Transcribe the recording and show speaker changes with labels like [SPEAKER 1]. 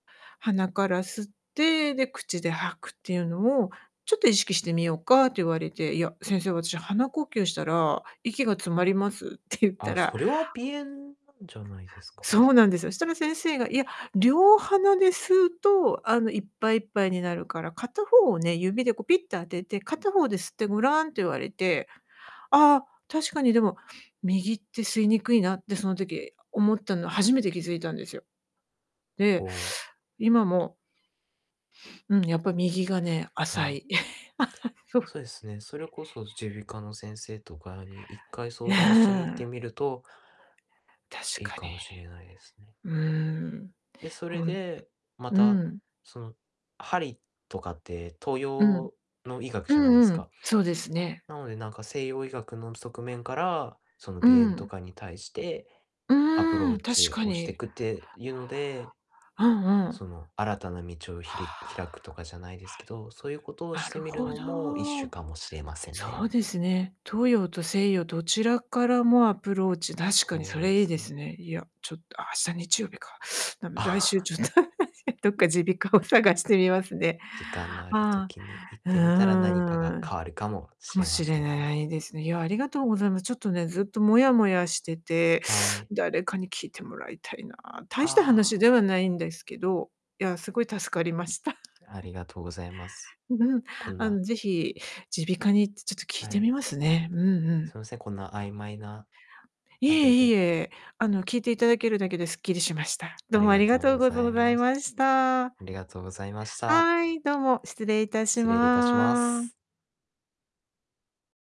[SPEAKER 1] 「鼻から吸って、で、口で吐くっていうのを、ちょっと意識してみようか」って言われて、「いや、先生、私鼻呼吸したら、息が詰まります」って言った
[SPEAKER 2] あ、
[SPEAKER 1] ら
[SPEAKER 2] それは鼻炎じゃないですか？
[SPEAKER 1] そうなんですよ。そしたら先生が、「いや、両鼻で吸うと、あの、いっぱいいっぱいになるから、片方をね、指でこうピッと当てて、片方で吸ってごらん」って言われて、ああ、確かにでも、右って吸いにくいなって、その時、思ったのは初めて気づいたんですよ。
[SPEAKER 2] お
[SPEAKER 1] で、
[SPEAKER 2] お。
[SPEAKER 1] 今も、うん、やっぱ右がね
[SPEAKER 2] は
[SPEAKER 1] 浅
[SPEAKER 2] い。
[SPEAKER 1] い。
[SPEAKER 2] そうですね、それこそ耳鼻
[SPEAKER 1] [unintelligible]
[SPEAKER 2] 科の先生とかに、1回
[SPEAKER 1] い
[SPEAKER 2] 相談しに行って
[SPEAKER 1] や。
[SPEAKER 2] みると
[SPEAKER 1] 確
[SPEAKER 2] いい
[SPEAKER 1] か
[SPEAKER 2] か
[SPEAKER 1] に。
[SPEAKER 2] もしれないですね。
[SPEAKER 1] うーん、
[SPEAKER 2] で、そ
[SPEAKER 1] ほ
[SPEAKER 2] れ
[SPEAKER 1] ん、
[SPEAKER 2] で、ま
[SPEAKER 1] う
[SPEAKER 2] た
[SPEAKER 1] ん。
[SPEAKER 2] その、針とかって、東
[SPEAKER 1] うん。
[SPEAKER 2] 洋の医学
[SPEAKER 1] う
[SPEAKER 2] じゃないで
[SPEAKER 1] ん
[SPEAKER 2] す
[SPEAKER 1] うん、
[SPEAKER 2] か？
[SPEAKER 1] そうですね。
[SPEAKER 2] なので、なんか西洋医学の側面から、その
[SPEAKER 1] う
[SPEAKER 2] 鼻炎と
[SPEAKER 1] ん。
[SPEAKER 2] かに対して、
[SPEAKER 1] う
[SPEAKER 2] アプロ
[SPEAKER 1] ーん、
[SPEAKER 2] ー
[SPEAKER 1] 確
[SPEAKER 2] チ
[SPEAKER 1] か
[SPEAKER 2] をして
[SPEAKER 1] に。
[SPEAKER 2] くっていうので、
[SPEAKER 1] うんうん。
[SPEAKER 2] その、新たな道をひ
[SPEAKER 1] は
[SPEAKER 2] り開くとかじゃないですけど、そういうことを
[SPEAKER 1] あ。は
[SPEAKER 2] し
[SPEAKER 1] い。な
[SPEAKER 2] て
[SPEAKER 1] る
[SPEAKER 2] みる
[SPEAKER 1] ほ
[SPEAKER 2] のも一種
[SPEAKER 1] ど。
[SPEAKER 2] かもしれません
[SPEAKER 1] そ
[SPEAKER 2] ね。
[SPEAKER 1] うですね。東洋と西洋どちらからもアプローチ、確かに
[SPEAKER 2] そ
[SPEAKER 1] そ
[SPEAKER 2] うで
[SPEAKER 1] れいい
[SPEAKER 2] す
[SPEAKER 1] です
[SPEAKER 2] ね。
[SPEAKER 1] ね。いや、ちょっと明日日曜日か。だめ、来
[SPEAKER 2] あ
[SPEAKER 1] 週ちょっ
[SPEAKER 2] あ。
[SPEAKER 1] と、どっか耳鼻科を探してみますね。
[SPEAKER 2] 時間のある
[SPEAKER 1] あ
[SPEAKER 2] 時に行っ
[SPEAKER 1] あ、う
[SPEAKER 2] てみたら、何かが
[SPEAKER 1] ーん。
[SPEAKER 2] 変わるかもし
[SPEAKER 1] かも
[SPEAKER 2] れま
[SPEAKER 1] し
[SPEAKER 2] せ
[SPEAKER 1] れ
[SPEAKER 2] んね。
[SPEAKER 1] ないですね。いや、ありがとうございます。ちょっとね、ずっともやもやしてて、
[SPEAKER 2] はい。
[SPEAKER 1] 誰かに聞いてもらいたいな。大した
[SPEAKER 2] あ
[SPEAKER 1] 話
[SPEAKER 2] あ。
[SPEAKER 1] ではないんですけど、いや、すごい助かりました。
[SPEAKER 2] ありがとうございます。
[SPEAKER 1] うん。
[SPEAKER 2] こん
[SPEAKER 1] あ
[SPEAKER 2] な
[SPEAKER 1] の、ぜひ、耳鼻科に行ってちょっと聞い
[SPEAKER 2] は
[SPEAKER 1] て
[SPEAKER 2] い。
[SPEAKER 1] みますね。うんう
[SPEAKER 2] す
[SPEAKER 1] ん。
[SPEAKER 2] みません、こんな曖昧な、
[SPEAKER 1] い
[SPEAKER 2] あれ
[SPEAKER 1] えい
[SPEAKER 2] で。
[SPEAKER 1] え、あの聞いていただけるだけでスッキリしました。
[SPEAKER 2] あ
[SPEAKER 1] どう
[SPEAKER 2] り
[SPEAKER 1] もあ
[SPEAKER 2] が
[SPEAKER 1] りが
[SPEAKER 2] とう
[SPEAKER 1] とう
[SPEAKER 2] ご
[SPEAKER 1] ご
[SPEAKER 2] ざ
[SPEAKER 1] ぞ
[SPEAKER 2] い
[SPEAKER 1] ざい
[SPEAKER 2] ます。
[SPEAKER 1] ました。
[SPEAKER 2] ありがとうございました。
[SPEAKER 1] はい、どうも失礼いたし
[SPEAKER 2] 失礼いたしま
[SPEAKER 1] ま
[SPEAKER 2] す。